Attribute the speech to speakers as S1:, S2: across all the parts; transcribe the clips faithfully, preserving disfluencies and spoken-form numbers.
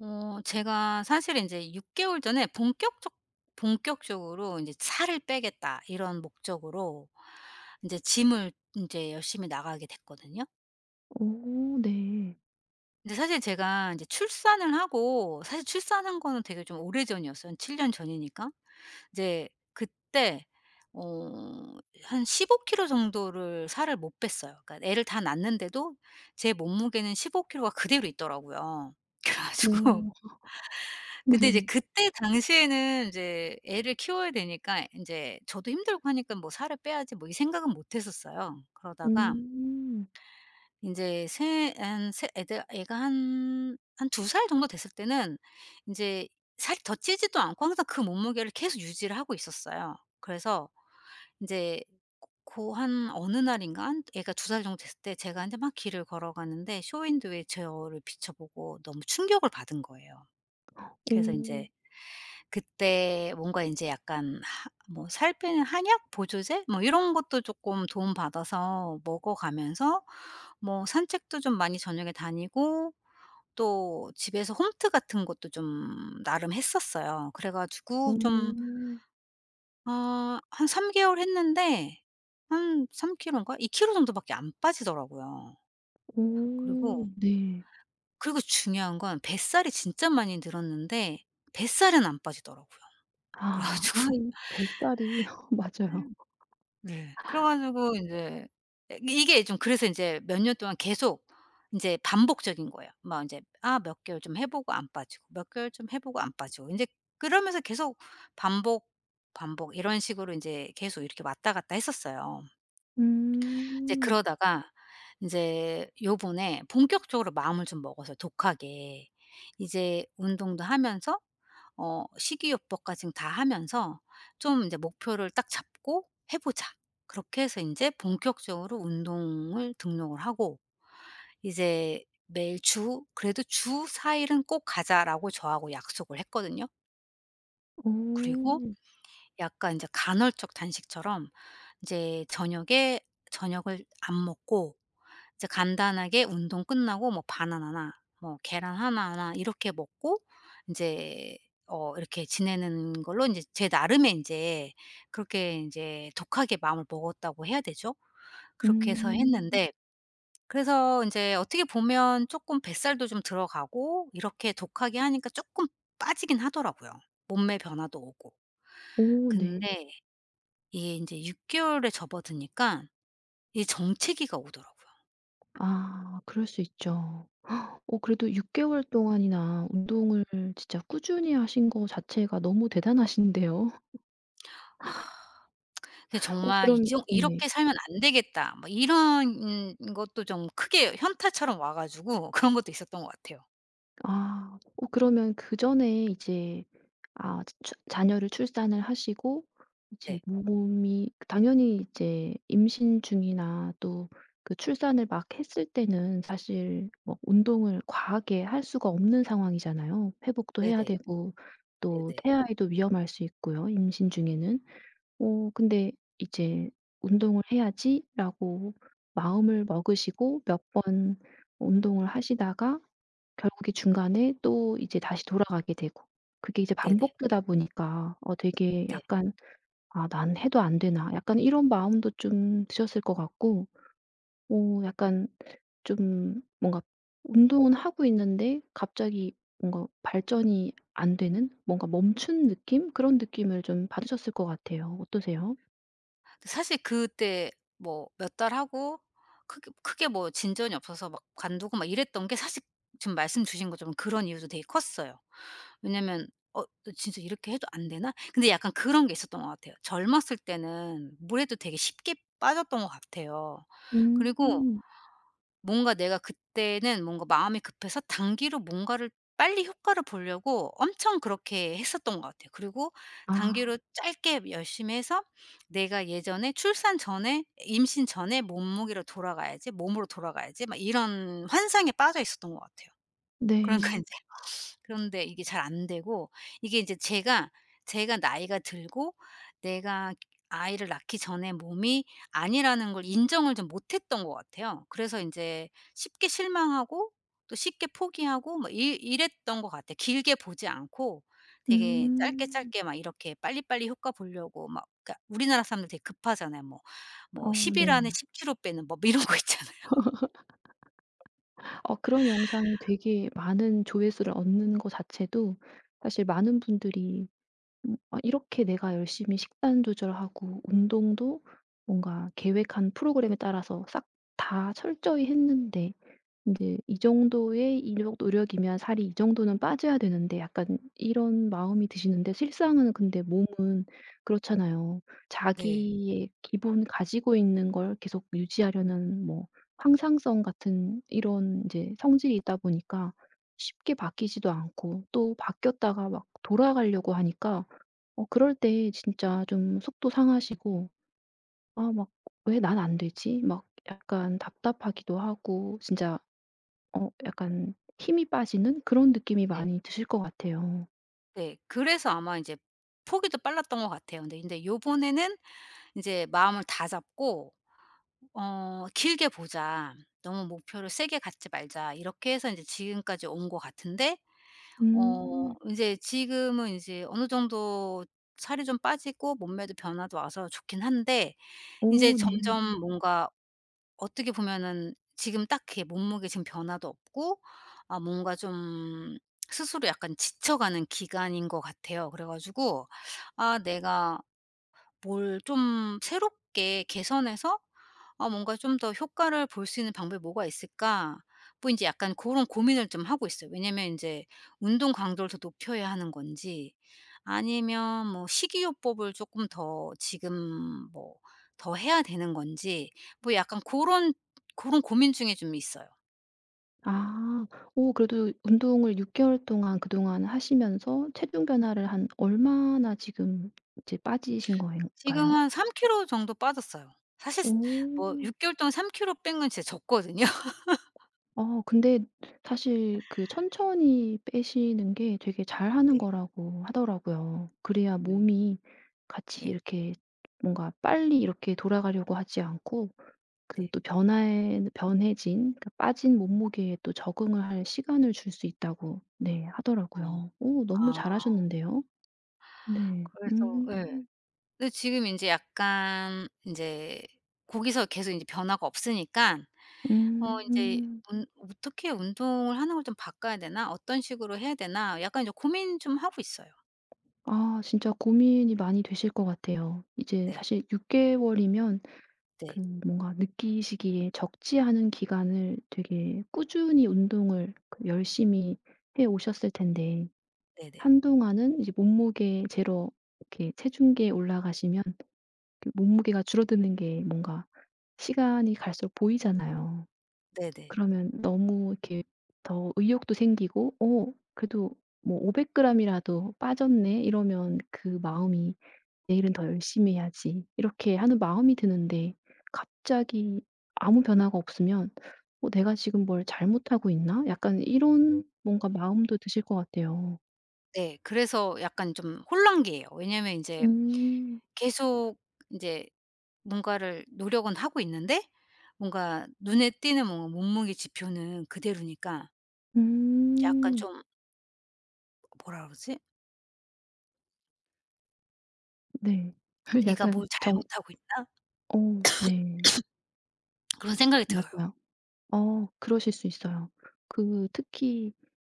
S1: 어 제가 사실은 인제 육 개월 전에 본격적 본격적으로 인제 '살을 빼겠다.' 이런 목적으로 인제 gym을 인제 열심히 나가게 됐거든요.
S2: 오 네.
S1: 근데 사실 제가 인제 출산을 하고 사실 출산한 거는 되게 좀 오래 전이었어요. 한 칠 년 전이니까. 이제 그때 어 한 십오 킬로 정도를 살을 못 뺐어요. 그러니까 애를 다 낳았는데도 제 몸무게는 십오 킬로가 그대로 있더라고요. 그래 가지고
S2: 오.
S1: 근데 이제
S2: 네.
S1: 그때 당시에는 인제 애를 키워야 되니까 이 인제 저도 힘들고 하니깐 뭐 '살을 빼야지.' 뭐 이 생각은 못 했었어요. 그러다가
S2: 음.
S1: 인제 세 한 세 애들 애가 한 한 두 살 정도 됐을 때는 인제 살 더 찌지도 않고 항상 그 몸무게를 계속 유지를 하고 있었어요. 그래서 인제 고 고 한 어느 날인가는 애가 두 살 정도 됐을 때 제가 인제 막 길을 걸어가는데 쇼윈도에 제 얼굴을 비춰 보고 너무 충격을 받은 거예요. 그래서 인제
S2: 오.
S1: 그때 뭔가 인제 약간 아 뭐 살 빼는 한약 보조제? 뭐 이런 것도 쪼끔 도움 받아서 먹어 가면서 뭐 산책도 좀 많이 저녁에 다니고 또 집에서 홈트 같은 것도 좀 나름 했었어요. 그래 가지고 좀
S2: 어.
S1: 어 한 삼 개월 했는데 한 삼 킬로인가? 이 킬로 정도 밖에 안 빠지더라고요. 그리고
S2: 오 네.
S1: 그리고 중요한 건 뱃살이 진짜 많이 늘었는데 뱃살은 안 빠지더라고요. 그래
S2: 아 와
S1: 가지고
S2: 이 뱃살이 맞아요.
S1: 네. 네 그래 가지고 인제 예 이게 좀 그래서 인제 몇 년 동안 계속 인제 반복적인 거예요. 뭐 인제 아 몇 개월 좀 해 보고 안 빠지고, 몇 개월 좀 해 보고 안 빠지고 인제 그러면서 계속 반복, 반복 이런 식으로 인제 계속 이렇게 왔다 갔다 했었어요. 이제
S2: 음.
S1: 그러다가 인제 요번에 본격적으로 마음을 좀 먹어서 독하게 이제 운동도 하면서 어 식이요법까지는 다 하면서 좀 이제 '목표를 딱 잡고 해 보자.' 그렇게 해서 인제 본격적으로 운동을 등록을 하고 이제 매일 주 '그래도 주 사 일은 꼭 가자.'라고 저하고 약속을 했거든요. 그리고
S2: 오.
S1: 약간 인제 간헐적 단식처럼 이제 저녁에 저녁을 안 먹고 이제 간단하게 운동 끝나고 뭐 바나나나 뭐 계란 하나나 이렇게 먹고 인제 어 이렇게 지내는 걸로 인제 제 나름의 인제 그렇게 인제 독하게 마음을 먹었다고 해야 되죠. 그렇게 해서
S2: 음.
S1: 했는데 그래서 인제 어떻게 보면 쪼끔 뱃살도 좀 들어가고 이렇게 독하게 하니까 쪼끔 빠지긴 하더라고요. 몸매 변화도 오고.
S2: 오 네.
S1: 근데 이게 인제 육 개월에 접어드니깐 이 정체기가 오더라고요.
S2: 아 그럴 수 있죠. 어 그래도 육 개월 동안이나 운동을 진짜 꾸준히 하신 거 자체가 너무 대단하신데요.
S1: 근데
S2: 어
S1: 정말 이
S2: 그럼
S1: 정
S2: 네네.
S1: '이렇게 살면 안 되겠다.' 뭐 이런 은 이것도 좀 크게 현타처럼 와 가지고 그런 것도 있었던 것 같아요.
S2: 아. 어 그러면 그 전에 이제 아 츠 추 자녀를 출산을 하시고 이제
S1: 네.
S2: 몸이 당연히 이제 임신 중이나 또 그 출산을 막 했을 때는 사실 뭐 운동을 과하게 할 수가 없는 상황이잖아요. 회복도 해야
S1: 네네.
S2: 되고 또
S1: 네네.
S2: 태아에도 위험할 수 있고요 임신 중에는. 어. 근데 이제 '운동을 해야지.'라고 마음을 먹으시고 몇 번 운동을 하시다가 결국에 중간에 또 이제 다시 돌아가게 되고. 그게 이제
S1: 네네.
S2: 반복되다 보니까 어. 되게
S1: 네.
S2: 약간 '아 난 해도 안 되나?' 약간 이런 마음도 좀 드셨을 것 같고. 어 약간 좀 뭔가 운동은 하고 있는데 갑자기 뭔가 발전이 안 되는? 뭔가 멈춘 느낌? 그런 느낌을 좀 받으셨을 것 같아요. 어떠세요?
S1: 그 사실 그때 뭐 몇 달 하고 크게 크게 뭐 진전이 없어서 막 관두고 막 이랬던 게 사실 지금 말씀 주신 것처럼 그런 이유도 되게 컸어요. 왜냐면 '어 진짜 이렇게 해도 안 되나?' 근데 약간 그런 게 있었던 것 같아요. 젊었을 때는 뭘 해도 되게 쉽게 빠졌던 것 같아요. 그리고
S2: 음.
S1: 뭔가 내가 그때는 뭔가 마음이 급해서 단기로 뭔가를 빨리 효과를 보려고 엄청 그렇게 했었던 것 같아요. 그리고
S2: 아.
S1: 단기로 짧게 열심히 해서 '내가 예전에 출산 전의 임신 전의 몸무게로 돌아가야지. 몸으로 돌아가야지.' 막 이런 환상에 빠져 있었던 것 같아요. 그러니까
S2: 네.
S1: 인제 그런데 이게 잘 안 되고 이게 인제 제가, 제가 나이가 들고 내가 아이를 낳기 전의 몸이 아니라는 걸 인정을 좀 못 했던 것 같아요. 그래서 인제 쉽게 실망하고 또 쉽게 포기하고 막 이 이랬던 것 같아. 길게 보지 않고 되게 짧게
S2: 음.
S1: 짧게 막 이렇게 빨리빨리 효과 보려고 막 그니까 우리나라 사람들 되게 급하잖아요. 뭐, 뭐
S2: 어.
S1: 십 일 안에
S2: 네.
S1: 십 키로 빼는 법 이런 거 있잖아요.
S2: 어 그런 영상이 되게 많은 조회수를 얻는 거 자체도 사실 많은 분들이 음. '아 이렇게 내가 열심히 식단 조절하고 운동도 뭔가 계획한 프로그램에 따라서 싹 다 철저히 했는데 인제 이 정도의 이뇩 노력이면 살이 이 정도는 빠져야 되는데.' 약간 이런 마음이 드시는데 실상은 근데 몸은 그렇잖아요.
S1: 네.
S2: 자기의 기본 가지고 있는 걸 계속 유지하려는 뭐 항상성 같은 이런 이제 성질이 있다 보니까 쉽게 바뀌지도 않고 또 바뀌었다가 막 돌아가려고 하니까 어. 그럴 때 진짜 좀 속도 상하시고 아 막 '왜 난 안 되지?' 막 약간 답답하기도 하고 진짜 어 약간 힘이 빠지는 그런 느낌이
S1: 네.
S2: 많이 드실 것 같아요.
S1: 네 그래서 아마 인제 포기도 빨랐던 것 같아요. 근데 근데 요번에는 인제 마음을 다잡고 어 '길게 보자. 너무 목표를 세게 갖지 말자.' 이렇게 해서 인제 지금까지 온 것 같은데 어
S2: 음.
S1: 인제 지금은 이제 어느 정도 살이 좀 빠지고 몸매도 변화도 와서 좋긴 한데 이제
S2: 오 네.
S1: 점점 뭔가 어떻게 보면은 지금 딱히 몸무게 지금 변화도 없고 아 뭔가 좀 스스로 약간 지쳐가는 기간인 것 같아요. 그래 가지고 '아 내가 뭘 좀 새롭게 개선해서 아 뭔가 좀 더 효과를 볼 수 있는 방법이 뭐가 있을까?' 뭐 인제 약간 고런 고민을 좀 하고 있어요. 왜냐면 인제 운동 강도를 더 높여야 하는 건지. 아니면 뭐 식이요법을 조금 더 지금 뭐 더 해야 되는 건지 뭐 약간 고런 고런 고민 중에 좀 있어요.
S2: 아 어 그래도 운동을 육 개월 동안 그동안 하시면서 체중 변화를 한 얼마나 지금 이제 빠지신 거예
S1: 지금은
S2: 가요?
S1: 한 삼 키로 정도 빠졌어요. 사실 스 뭐
S2: 오.
S1: 육 개월 동안 삼 킬로 뺀 건 진짜 적거든요.
S2: 어 근데 사실 그 천천히 빼시는 게 되게 잘하는
S1: 네.
S2: 거라고 하더라고요. 그래야
S1: 네.
S2: 몸이 같이
S1: 예.
S2: 이렇게 뭔가 빨리 이렇게 돌아가려고 하지 않고 그
S1: 네.
S2: 또 변화에는 변해진 그 빠진 몸무게에 또 적응을 할 시간을 줄 수 있다고 네
S1: 어
S2: 하더라고요. 어 너무
S1: 아.
S2: 잘 하셨는데요. 네.
S1: 그래서
S2: 음.
S1: 예 근데 지금 인제 약간 인제 고기서 계속 인제 변화가 없으니까 어 인제
S2: 음.
S1: 운 '어떻게 운동을 하는 걸 좀 바꿔야 되나. 어떤 식으로 해야 되나.' 약간 인제 고민 좀 하고 있어요.
S2: 아. 진짜 고민이 많이 되실 것 같아요. 이제
S1: 네.
S2: 사실 육 개월이면 그
S1: 네.
S2: 뭔가 느끼시기에 적지 않은 기간을 되게 꾸준히 운동을 열심히 해 오셨을 텐데
S1: 네네.
S2: 한동안은 이제 몸무게 재러 이렇게 체중계에 올라가시면 몸무게가 줄어드는 게 뭔가 시간이 갈수록 보이잖아요.
S1: 네네.
S2: 그러면 너무 이렇게 더 의욕도 생기고 어 그래도 뭐 '오백 그램이라도 빠졌네?' 이러면 그 마음이 '내일은 더 열심히 해야지.' 이렇게 하는 마음이 드는데 갑자기 아무 변화가 없으면 '어 내가 지금 뭘 잘못하고 있나?' 약간 이런 뭔가 마음도 드실 것 같아요.
S1: 네. 그래서 약간 좀 혼란기예요. 왜냐면 인제
S2: 음.
S1: 계속 인제 뭔가를 노력은 하고 있는데 뭔가 눈에 띄는 뭔가 몸무게 지표는 그대로니까 약간
S2: 음.
S1: 좀 뭐라 그러지?
S2: 네.
S1: '내가
S2: 약간
S1: 뭘
S2: 정
S1: 잘못하고 있나?'
S2: 어 네.
S1: 그런 생각이 들어요.
S2: 맞아요. 어 그러실 수 있어요. 그 특히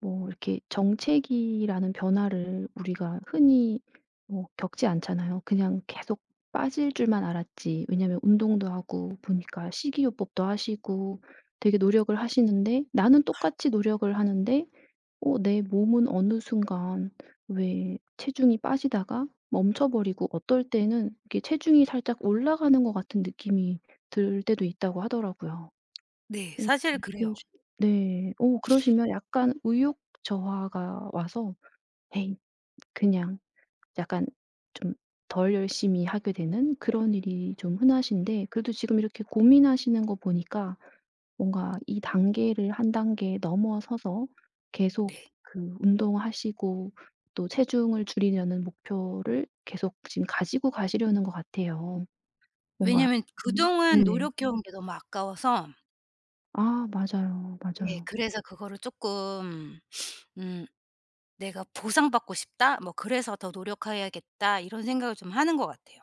S2: 뭐 이렇게 정체기라는 변화를 우리가 흔히 뭐 겪지 않잖아요. 그냥 계속 빠질 줄만 알았지. 왜냐면 운동도 하고 보니까 식이요법도 하시고 되게 노력을 하시는데 나는 똑같이 노력을 하는데 어 내 몸은 어느 순간 왜 체중이 빠지다가 멈춰 버리고 어떨 때는 이렇게 체중이 살짝 올라가는 것 같은 느낌이 들 때도 있다고 하더라고요.
S1: 네.
S2: 어
S1: 사실 그래요.
S2: 그런식으 네. 어 그러시면 약간 의욕 저하가 와서 '에이.' 그냥 약간 좀 덜 열심히 하게 되는 그런 일이 좀 흔하신데 그래도 지금 이렇게 고민하시는 거 보니까 뭔가 이 단계를 한 단계 넘어서서 계속
S1: 네.
S2: 그 운동하시고 또 체중을 줄이려는 목표를 계속 지금 가지고 가시려는 것 같아요. 뭔가
S1: 왜냐면
S2: 음.
S1: 그동안
S2: 네.
S1: 노력해 온 게 너무 아까워서
S2: 아 맞아요,
S1: 네.
S2: 맞아요.
S1: 그래서 그거를 쪼끔 음 내가 '보상받고 싶다.' 뭐 '그래서 더 노력해야겠다.' 이런 생각을 좀 하는 것 같아요.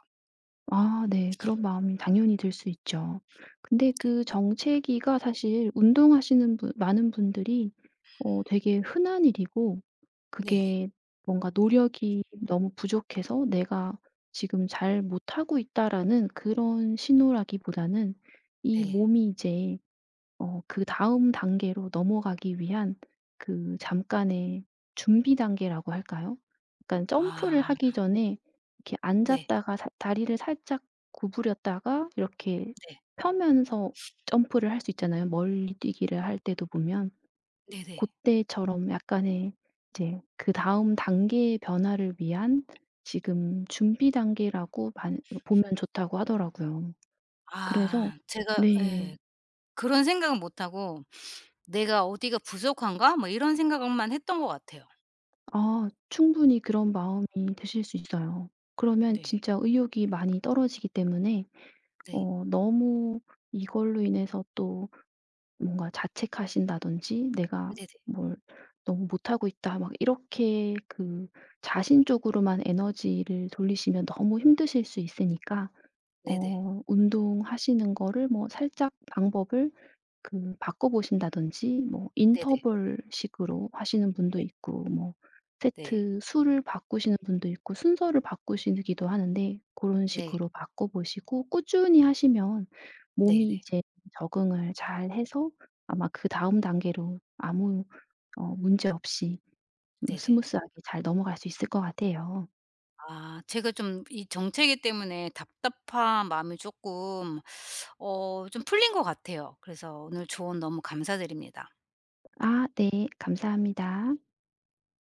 S2: 아 네. 그런 마음이 당연히 들 수 있죠. 근데
S1: 네
S2: 그 정체기가 사실 운동하시는 분 많은 분들이 어 되게 흔한 일이고
S1: 네네.
S2: 그게 뭔가 '노력이 너무 부족해서 내가 지금 잘 못하고 있다.'라는 그런 신호라기보다는 이
S1: 네.
S2: 몸이 이제 어 그 다음 단계로 넘어가기 위한 그 잠깐의 준비 단계라고 할까요? 그러니깐 점프를
S1: 아.
S2: 하기 전에 이렇게
S1: 네.
S2: 앉았다가 살 다리를 살짝 구부렸다가 이렇게
S1: 네.
S2: 펴면서 점프를 할 수 있잖아요. 멀리뛰기를 할 때도 보면 고
S1: 네네.
S2: 때처럼 약간의 이제 그다음 단계의 변화를 위한 지금 준비 단계라고 반 요렇 보면 좋다고 하더라고요. 그래서
S1: 아. 제가
S2: 네.
S1: 예 그런 생각은 못 하고 '내가 어디가 부족한가?' 뭐 이런 생각을 만 했던 것 같아요.
S2: 아. 충분히 그런 마음이 드실 수 있어요. 그러면
S1: 네.
S2: 진짜 의욕이 많이 떨어지기 때문에
S1: 네.
S2: 어 너무 이걸로 인해서 또 뭔가 자책하신다든지 '내가
S1: 네네.
S2: 뭘 너무 못하고 있다.' 막 이렇게 그 자신 쪽으로만 에너지를 돌리시면 너무 힘드실 수 있으니까
S1: 네네.
S2: 어 운동하시는 거를 뭐 살짝 방법을 그 바꿔 보신다든지 뭐
S1: 네네.
S2: 인터벌식으로 하시는 분도
S1: 네.
S2: 있고 뭐
S1: 네.
S2: 세트 수를 바꾸시는 분도 있고 순서를 바꾸시느기도 하는데 고런
S1: 네.
S2: 식으로 바꿔 보시고 꾸준히 하시면
S1: 네
S2: 몸이
S1: 네.
S2: 이제 적응을 잘 해서 아마 그다음 단계로 아무 어 문제 없이 뭐
S1: 네네.
S2: 스무스하게 잘 넘어갈 수 있을 것 같아요.
S1: 아. 제가 좀 이 정체기 때문에 답답한 마음이 쪼끔 어 좀 풀린 것 같아요. 그래서 오늘 조언 너무 감사드립니다.
S2: 아 네. 감사합니다.